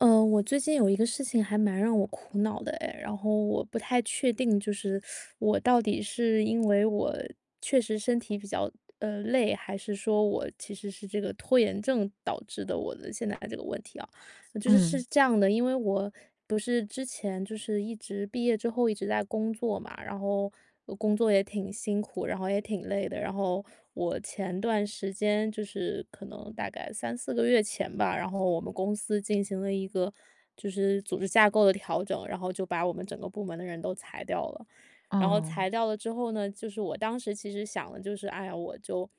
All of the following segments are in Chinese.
呃，我最近有一个事情还蛮让我苦恼的哎，然后我不太确定，就是 我到底是因为我确实身体比较，呃，累，还是说我其实是这个拖延症导致的，我的现在的这个问题啊。就是是嗯。这样的因为我不是之前就是一直毕业之后一直在工作嘛，然后工作也挺辛苦，然后也挺累的。然后我前段时间，就是可能大概3-4个月前吧，然后我们公司进行了一个，就是组织架构的调整，然后就把我们整个部门的人都裁掉了。然后哦。裁掉了之后呢就是我当时其实想的就是：“哎呀，我就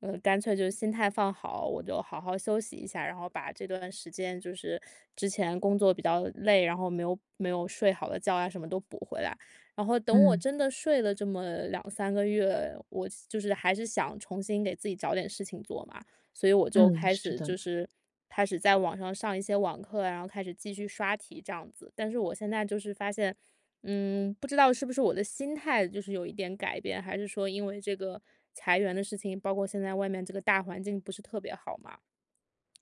嗯，干脆就心态放好，我就好好休息一下。然后把这段时间就是之前工作比较累，然后没有没有睡好的觉啊什么都补回来。”然后等我嗯。真的睡了这么2-3个月，我西就是还是想重新给自己找点事情做嘛，所以我就嗯，开是始的。就是开始在网上上一些网课啊，然后开始继续刷题这样子。但是我现在就是发现，嗯，不知道是不是我的心态就是有一点改变，还是说因为这个裁员的事情，包括现在外面这个大环境不是特别好嘛，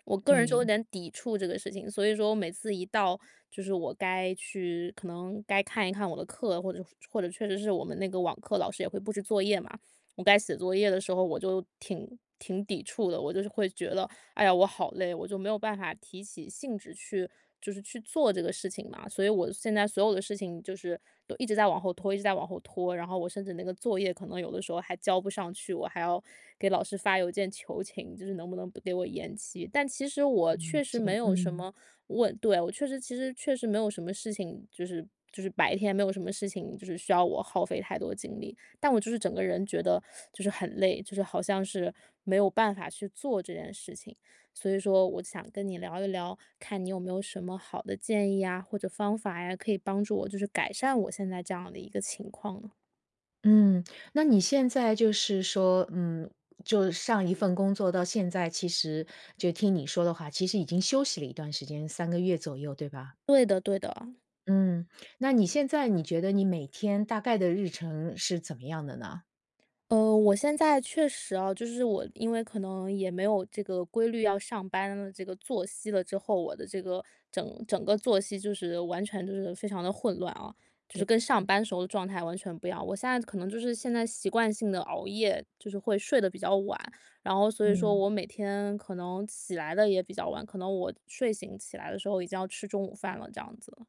我个人就有对。点抵触这个事情。所以说我每次一到就是我该去可能该看一看我的课，或者说或者确实是我们那个网课老师也会布置作业嘛我该写作业的时候，我就挺挺抵触的。我就是会觉得：“哎呀，我好累。”我就没有办法提起兴致去就是去做这个事情嘛。所以我现在所有的事情就是，都一直在往后拖一直在往后拖，然后我甚至那个作业，可能有的时候还交不上去，我还要给老师发邮件求情，就是能不能不给我延期。但其实我嗯，确实没有什嗯。么问，对我确实其实确实没有什么事情，就是就是白天没有什么事情就是需要我耗费太多精力，但我就是整个人觉得就是很累，就是好像是没有办法去做这件事情。所以说我就想跟你聊一聊，看你有没有什么好的建议呀，或者方法呀，可以帮助我就是改善我现在这样的一个情况呢。嗯，那你现在就是说，嗯，就上一份工作到现在其实就听你说的话，其实已经休息了一段时间，3个月左右对吧？对的对的。嗯，那你现在你觉得你每天大概的日程是怎么样的呢？呃，我现在确实啊，就是我因为可能也没有这个规律要上班的这个作息了之后。我的这个，整整个作息就是完全就是非常地混乱啊，就是对，跟上嗯。班时候的状态完全不一样。我现在可能就是现在习惯性地熬夜，就是会睡得比较晚，然后所以说嗯。我每天可能起来得也比较晚，可能我睡醒起来的时候已经要吃中午饭了这样子。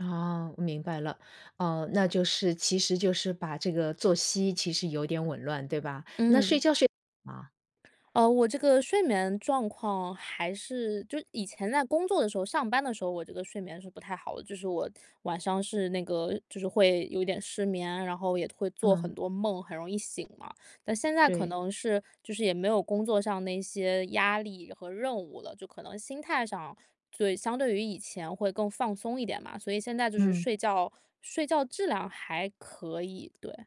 哦，我明白了。哦，那就是其实就是把这个作息其实有点紊乱对吧，那睡嗯。觉睡得好吗？哦，我这个睡眠状况还是就以前在工作的时候上班的时候我这个睡眠是不太好的。就是我晚上是那个，就是会有点失眠，然后也会做很嗯。多梦，很容易醒嘛。但现在可对。能是就是也没有工作上的一些压力和任务了，就可能心态上对，相对于以前会更放松一点嘛，所以现在就是嗯。睡觉睡觉质量还可以，对。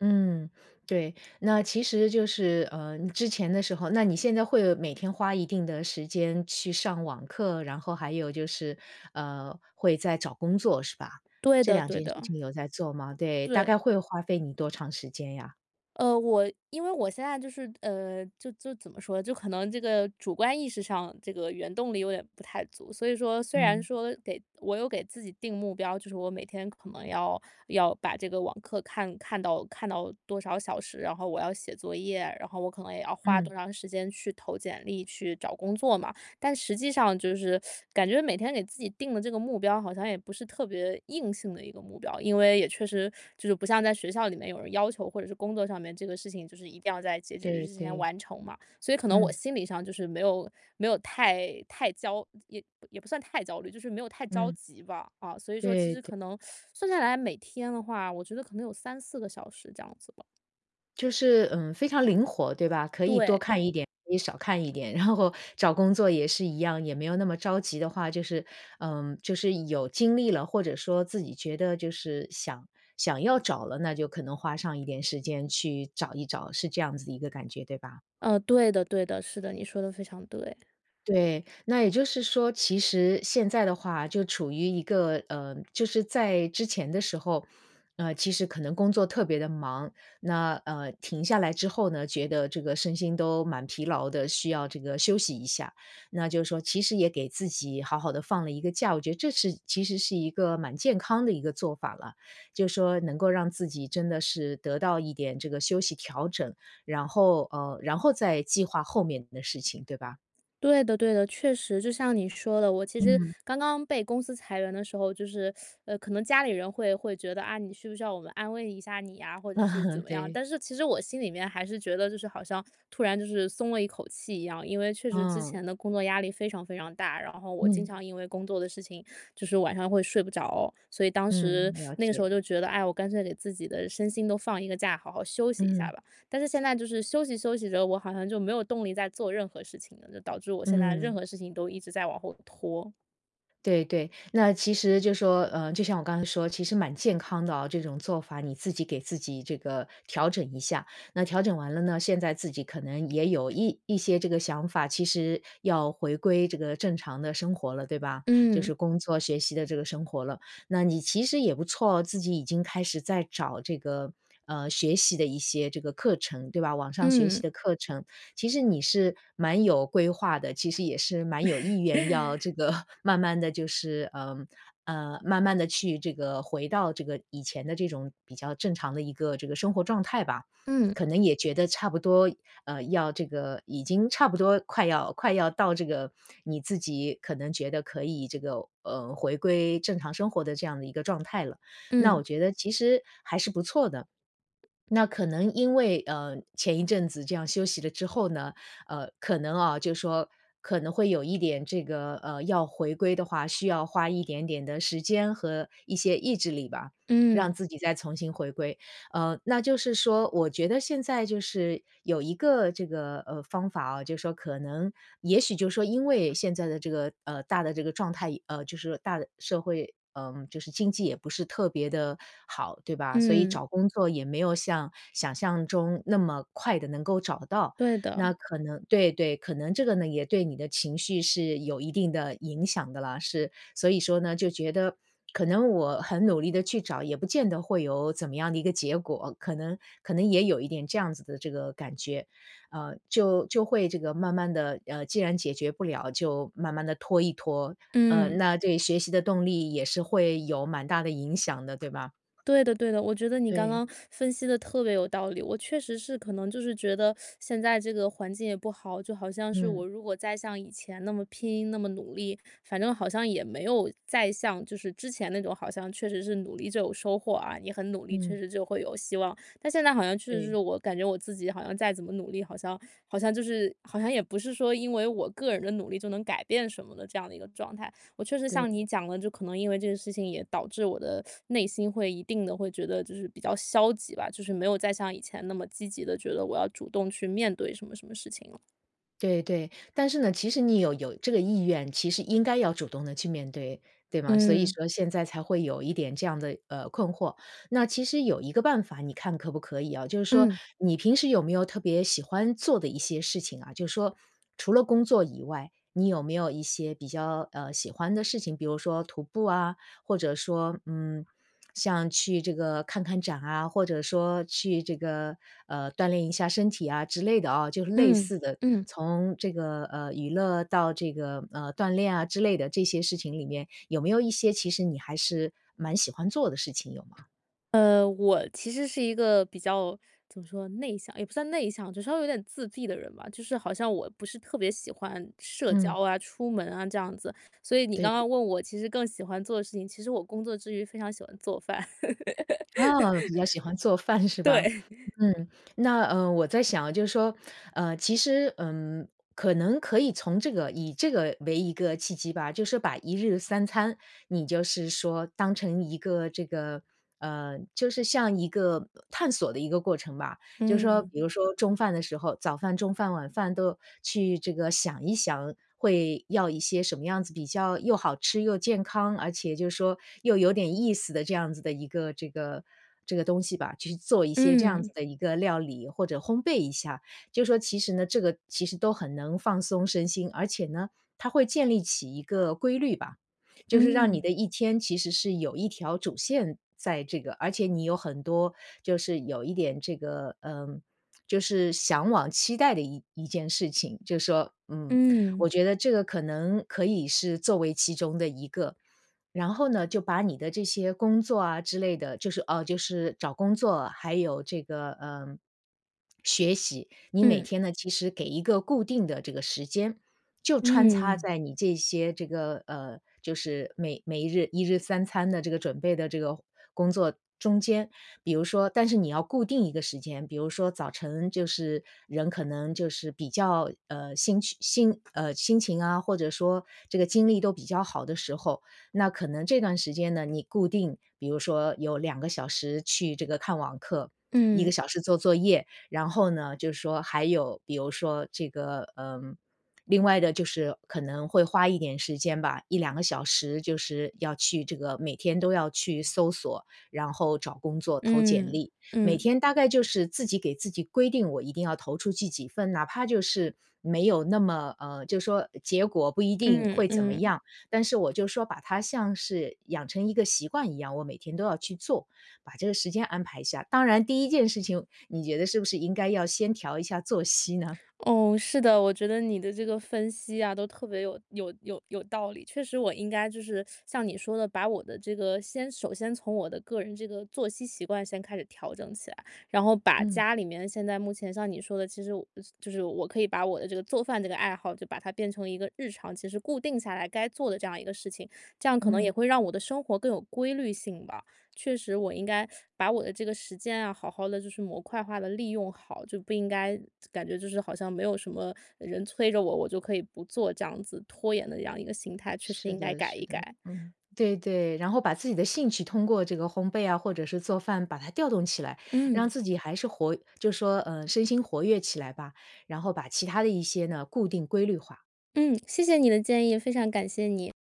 嗯，对，那其实就是，呃，之前的时候，那你现在会每天花一定的时间去上网课，然后还有就是，呃，会在找工作是吧，对这的两对件事的。情有在做吗？对，大概对。会花费你多长时间呀？呃，我因为我现在就是，呃，就就怎么说呢，就可能这个主观意识上这个原动力有点不太足，所以说虽然嗯。说给我有给自己定目标，就是我每天可能要要把这个网课看看到看到多少小时，然后我要写作业啊，然后我可能也要花嗯。多长时间去投简历、去找工作嘛，但实际上就是 感觉每天给自己定的这个目标好像也不是特别硬性的一个目标。因为也确实就是不像在学校里面有人要求或者是工作上面这个事情就是一定要在截止日对之前对。完成嘛，所以可能我嗯。心理上就是没有没有太太焦也也不算太焦虑，就是没有太着嗯。急吧。啊，所以说其对实对。可能，算下来每天的话，我觉得可能有3-4个小时这样子吧。就是，嗯，非常灵活，对吧？可以多对。看一点，可以少看一点。然后找工作也是一样，也没有那么着急的话，就是呃，就是有精力了，或者说自己觉得就是想想要找了，那就可能花上一点时间，去找一找。是这样子的一个感觉，对吧？呃，对的对的。是的，你说得非常对。对。那也就是说，其实现在的话，就处于一个呃，就是在之前的时候，呃，其实可能工作特别地忙，那，呃，停下来之后呢，觉得这个身心都蛮疲劳的，需要这个休息一下。那就是说，其实也给自己好好地放了一个假，我觉得这是其实是一个蛮健康的一个做法了。就说，能够让自己真的是得到一点这个休息调整，然后呃，然后再计划后面的事情，对吧？对的对的。确实，就像你说的，我其实嗯。刚刚被公司裁员的时候，就是 呃，可能家里人会会觉得：“啊，你需不需要我们安慰一下你呀？”或者是怎嗯，么样。对。但是其实我心里面还是觉得，就是好像突然就是松了一口气一样，因为确实之嗯。前的工作压力非常非常大。然后我经嗯。常因为工作的事情，就是晚上会睡不着。所以当时嗯，了那个时解。候就觉得，哎，我干脆给自己的身心都放一个假，好好休息一下嗯。吧。但是现在就是休息休息着，我好像就没有动力再做任何事情了，就导致我现在任嗯。何事情都一直在往后拖。对对。那其实就说呃，就像我刚才说，其实蛮健康的啊，这种做法你自己给自己这个调整一下。那调整完了呢，现在自己可能也有一一些这个想法，其实要回归这个正常的生活了，对吧？就嗯。是工作、学习的这个生活了。那你其实也不错哦，自己已经开始在找这个，呃，学习的一些这个课程，对吧？网上学习嗯。的课程，其实你是蛮有规划的，其实也是蛮有意愿要这 个慢慢地就是，呃，呃，慢慢地去这个回到这个以前的这种比较正常的一个这个生活状态吧。嗯。可能也觉得差不多呃，要这个已经差不多快要快要到这个，你自己可能觉得可以这个，呃，回归正常生活的这样的一个状态了，那嗯。我觉得其实还是不错的。那可能因为，呃，前一阵子这样休息了之后呢，呃，可能啊就说，可能会有一点这个，呃，要回归的话，需要花一点点的时间和一些意志力吧，让嗯。自己再从新回归。呃，那就是说我觉得现在就是有一个这个，呃，方法啊，就是说可能也许就是说因为现在的这个，呃，大的这个状态呃，就是大的社会，呃，就是经济也不是特别地好，对吧？所以嗯。找工作也没有像想象中那么快地能够找到，对的。那可能对对，可能这个呢也对你的情绪是有一定的影响的了，是所以说呢就觉得可能我很努力地去找，也不见得会有怎么样的一个结果。可能可能也有一点这样子的这个感觉，呃，就就会这个慢慢地，呃，既然解决不了，就慢慢地拖一拖。呃，嗯。那对学习的动力也是会有蛮大的影响的，对吧？对的对的，我觉得你刚对。刚分析得特别有道理。我确实是可能就是觉得 现在这个环境也不好，就好像是嗯。我如果再像以前那么拼、那么努力，反正好像也没有再像就是之前那种好像确实是努力就有收获啊，你很努力，确嗯。实就会有希望。但现在好像确实是对。我感觉我自己好像再怎么努力，好像好像就是好像也不是说因为我个人的努力就能改变什么的这样的一个状态。我确实对。像你讲的，就可能因为这个事情也导致我的 内心会一定地会觉得就是比较消极吧，就是没有再像以前那么积极地觉得我要主动去面对什么什么事情了。对对，但是呢，其实你有有这个意愿，其实应该要主动地去面对，对吗？所以嗯。说现在才会有一点这样的，呃，困惑。那其实有一个办法你看可不可以啊。就是说，嗯。你平时有没有特别喜欢做的一些事情啊就说除了工作以外，你有没有一些比较，呃，喜欢的事情，比如说徒步啊，或者说，嗯，像去这个看看展啊，或者说去这个，呃，锻炼一下身体啊，之类的啊就是类嗯似的，嗯。从这个，呃，娱乐到这个，呃，锻炼啊，之类的，这些事情里里面，有没有一些其实你还是蛮喜欢做的事情有吗？呃，我其实是一个比较怎么说，内向也不算内向，就稍微有点自闭的人吧。就是好像我不是特别喜欢社交嗯。啊、出门啊，这样子。所以你刚对。刚问我其实更喜欢做的事情其实我工作之余，非常喜欢做饭。哦，比较喜欢做 饭是吧？对。嗯，那，呃，我在想就说，呃其实，嗯，可能可以从这个以这个为一个契机吧，就是把1日3餐，你就是说当成一个这个，呃就是像一个探索的一个过程吧。就是说嗯。比如说中饭的时候早饭、中饭、晚饭，都去这个想一想，会要一些什么样子比较又好吃又健康，而且就是说又有点意思的，这样子的一个这个这个东西吧。去做一些这样嗯。子的一个料理，或者烘焙一下。就说其实呢这个其实都很能放松身心，而且呢，它会建立起一个规律吧，就是让你的嗯。一天，其实是有一条主线在这个而且你有很多就是有一点这个，呃就是向往期待的一一件事情。就是说，嗯我嗯。觉得这个可能可以是作为其中的一个。然后呢，就把你的这些工作啊之类的，就是，呃就是找工作，还有这个，呃，学习你每嗯。天呢，其实给一个固定的这个时间，就穿插嗯。在你这些这个，呃就是每每日1日3餐的这个准备的这个工作中间。比如说但是你要固定一个时间。比如说，早晨就是人可能就是比较，呃心情，呃心情啊，或者说这个精力都比较好的时候。那可能这段时间呢，你固定比如说有2个小时去这个看网课，1个嗯。小时做作业，然后呢，就是说还有比如说这个，呃另外的就是可能会花一点时间吧，1-2个小时就是要去这个每天都要去搜索，然后找工作、投简嗯，历。每嗯。天大概就是自己给自己规定，我一定要投出去几份。哪怕就是没有那么，呃就说结果不一定嗯会怎么嗯。样，但是我就说把它像是养成一个习惯一样，我每天都要去做把这个时间安排一下。当然第一件事情，你觉得是不是应该要先调一下作息呢？哦，是的，我觉得你的这个分析啊，都特别有有有有道理。确实我应该就是 像你说的，把我的这个先首先从我的个人这个作息习惯，先开始调整起来。然后把嗯。家里面现在目前像你说的，其实我就是我可以把我的这个做饭这个爱好，就把它变成一个日常其实固定下来该做的这样一个事情，这样可能嗯。也会让我的生活更有规律性吧。确实，我应该 把我的这个时间啊，好好地就是模块化地利用好，就不应该感觉就是好像没有什么人催着我，我就可以不做这样子拖延的这样一个心态，确实是应该的改是一的，改。嗯，对对。然后把自己的兴趣，通过这个烘焙啊，或者是做饭把它调动起来，让嗯。自己还是活就说，呃身心活跃起来吧。然后把其它的一些呢，固定、规律化。嗯，谢谢你的建议，非常感谢你。